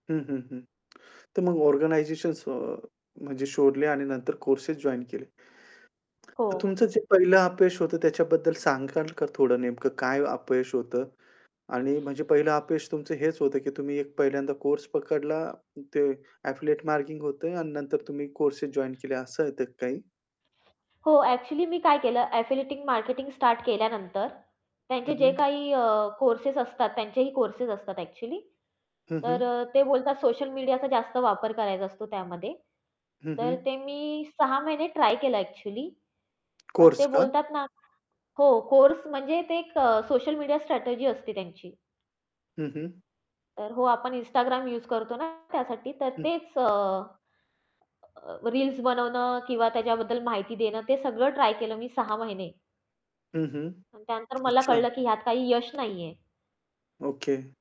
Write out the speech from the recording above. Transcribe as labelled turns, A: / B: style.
A: हं, हं, हं. तर मग ऑर्गनायझेशन्स अ, म्हणजे शोधले आणि नंतर कोर्सेस जॉइन केले.
B: हो.
A: तर तुमचं जे पहिलं अपयश होतं त्याच्याबद्दल सांगाल का थोडं नेमकं काय अपयश होतं आणि म्हणजे पहिलं अपयश तुमचं हेच होतं की तुम्ही पहिल्यांदा कोर्स पकडला ते एफिलिएट मार्केटिंग होतं आणि नंतर तुम्ही कोर्सेस जॉइन केले असं येतं काही.
B: हो, ॲक्चुअली मी काय केलं एफिलिएटिंग मार्केटिंग स्टार्ट केल्यानंतर त्यांचे
A: हं,
B: जे
A: हं.
B: काही अ, कोर्सेस असतात, त्यांचेही कोर्सेस असतात ॲक्चुअली
A: हं, हं.
B: तर अ, ते बोलतात सोशल मीडियाचा जास्त वापर करायचा असतो त्यामध्ये.
A: हं,
B: तर
A: हं.
B: ते मी 6 महिने ट्राय केलं ॲक्चुअली पण
A: कोर्स
B: ते
A: का?
B: बोलतात ना हो कोर्स म्हणजे ते एक अ, सोशल मीडिया स्ट्रॅटेजी असते त्यांची.
A: हं, हं.
B: तर हो, आपण Instagram यूज करतो ना त्यासाठी तर
A: हं.
B: तेच अ, अ, रील्स बनवणं किंवा त्याच्याबद्दल माहिती देणं ते सगळं ट्राय केलं मी 6 महिने.
A: हं, हं.
B: त्यानंतर मला
A: अच्छा.
B: कळलं की ह्यात काही यश नाहीये.
A: ओके.